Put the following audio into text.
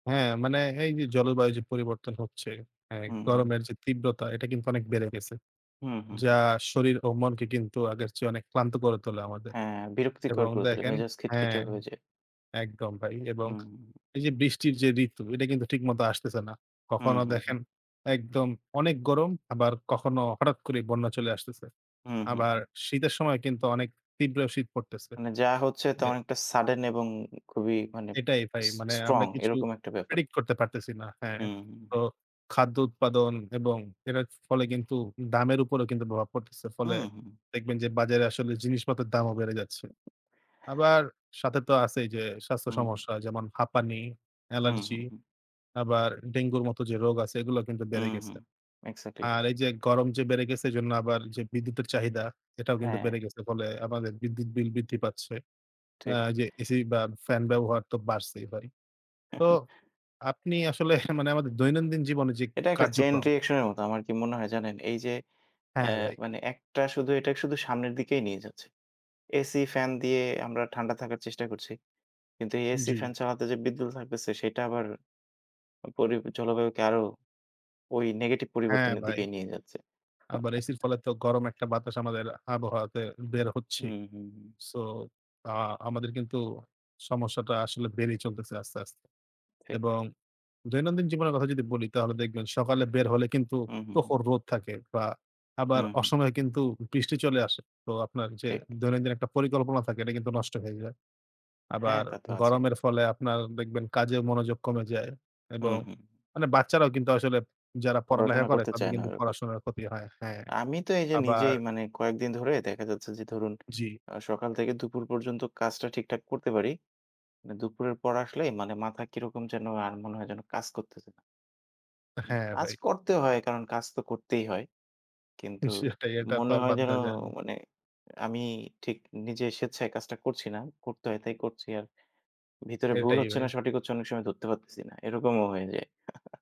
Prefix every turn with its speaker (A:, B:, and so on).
A: হ্যাঁ, মানে এই যে, জলবায়ু যে, পরিবর্তন হচ্ছে হ্যাঁ,
B: হুম, হুম।
A: গরমের যে, তীব্রতা এটা কিন্তু অনেক বেড়ে গেছে।
B: হুম, হুম, হুম।
A: যা শরীর ও মনকে কিন্তু আগের চেয়ে অনেক ক্লান্ত করে তোলে আমাদের।
B: হ্যাঁ, বিরক্তিকর
A: এবং
B: করে তোলে,
A: দেখেন
B: মেজাজ
A: হ্যাঁ,
B: খিটখিটে হয়ে যায়।
A: একদম ভাই এবং
B: হু, হুম।
A: এই যে, বৃষ্টির যে, ঋতু এটা কিন্তু ঠিকমতো আসতেছে না।
B: হু,
A: কখনো
B: হু,
A: দেখেন
B: হুম।
A: একদম অনেক গরম আবার কখনো হঠাৎ করেই বন্যা চলে আসতেছে।
B: হু, হু,
A: আবার
B: হুম।
A: শীতের সময় কিন্তু অনেক তীব্র শীত পড়তেছে।
B: মানে যা হচ্ছে তা
A: যে
B: অনেকটা sudden এবং খুবই মানে
A: এটাই ভাই
B: s
A: মানে আমরা
B: strong,
A: কিছু
B: এরকম একটা ব্যাপার।
A: predict করতে পারতেছি না, হ্যাঁ।
B: হু, হু,
A: তো
B: হুম।
A: খাদ্য উৎপাদন এবং এটার ফলে কিন্তু দামের উপরেও কিন্তু প্রভাব পড়তেছে।
B: উ
A: ফলে
B: হুম।
A: দেখবেন যে, বাজারে আসলে জিনিসপত্রের দামও বেড়ে যাচ্ছে। আবার সাথে তো আছেই যে, স্বাস্থ্য
B: হু, হুম।
A: সমস্যা যেমন হাঁপানি,
B: হু, হু,
A: allergy
B: হুম।
A: আবার ডেঙ্গুর মতো যে, রোগ আছে এগুলা কিন্তু
B: উ
A: বেড়ে গেছে।
B: হুম। exactly.
A: আর এই যে, গরম যে, বেড়ে গেছে এজন্য আবার যে, বিদ্যুতের চাহিদা এটাও কিন্তু
B: হ্যাঁ।
A: বেড়ে গেছে। ফলে আমাদের বিদ্যুৎ বিল বৃদ্ধি পাচ্ছে। এ
B: ঠিক।
A: যে, AC বা fan ব্যবহার তো বাড়ছেই বারি। তো আপনি আসলে মানে আমাদের দৈনন্দিন জীবনে যে,
B: এটা একটা chain
A: কার্যক্রম
B: reaction এর মত আমার কি মনে হয় জানেন, এই যে, এ
A: হ্যাঁ, ভাই।
B: মানে একটা শুধু এটা শুধু সামনের দিকেই নিয়ে যাচ্ছে। AC, fan দিয়ে আমরা ঠান্ডা থাকার চেষ্টা করছি। কিন্তু এই AC,
A: জি।
B: fan চালাতে যে, বিদ্যুৎ [unintelligible] তেছে সেটা আবার পরিবে জলবায়ুকে আরও ওই negative
A: হ্যাঁ,
B: পরিবর্তনের
A: ভাই।
B: দিকেই নিয়ে যাচ্ছে।
A: আবার AC'র ফলে তো গরম একটা বাতাস আমাদের আবহাওয়াতে বের
B: হু,
A: হচ্ছেই।
B: হু, হুম।
A: so আ আমাদের কিন্তু সমস্যাটা আসলে বেড়েই চলতেছে আস্তে, আস্তে।
B: ঠিক।
A: এবং দৈনন্দিন জীবনের কথা যদি বলি তাহলে দেখবেন সকালে বের হলে কিন্তু
B: উ হুম। হুম।
A: প্রখর রোদ থাকে বা আবার
B: হুম। হুম।
A: অসময়ে কিন্তু বৃষ্টি চলে আসে। তো আপনার যে,
B: ঠিক।
A: দৈনন্দিন একটা পরিকল্পনা থাকে এটা কিন্তু নষ্ট হয়ে যায়।
B: হ্যাঁ,
A: আবার
B: তা তো আছে।
A: গরমের ফলে আপনার দেখবেন কাজে মনোযোগ কমে যায়
B: হু,
A: এবং
B: হুম।
A: মানে বাচ্চারাও কিন্তু আসলে যারা পড়ালেখা
B: পড়াশুনা
A: করে
B: করতে
A: তাদের
B: চায় না
A: কিন্তু
B: ওরকম।
A: পড়াশোনার ক্ষতি হয়, হ্যাঁ।
B: আমি তো এই যে,
A: আবার
B: নিজেই মানে কয়েকদিন ধরে দেখা যাচ্ছে যে, ধরুন
A: জি।
B: আ সকাল থেকে দুপুর পর্যন্ত কাজটা ঠিকঠাক করতে পারি। আ দুপুরের পর আসলেই মানে মাথা কিরকম যেন আর মনে হয় যেন কাজ করতেছে না মানে
A: হ্যাঁ,
B: কাজ
A: ভাই।
B: করতে হয় কারণ কাজ তো করতেই হয়। কিন্তু
A: সেটাই, এটা তো
B: মনে
A: আর
B: হয়
A: বাদ
B: যেন
A: দেওয়া যায় না।
B: মানে আমি ঠিক নিজের স্বেচ্ছায় কাজটা করছি না, করতে হয় তাই করছি আর ভিতরে ভুল
A: এটাই
B: হচ্ছে
A: ভাই।
B: না সঠিক হচ্ছে অনেক সময় ধরতে পারতেছি না, এরকমও হয়ে যায়।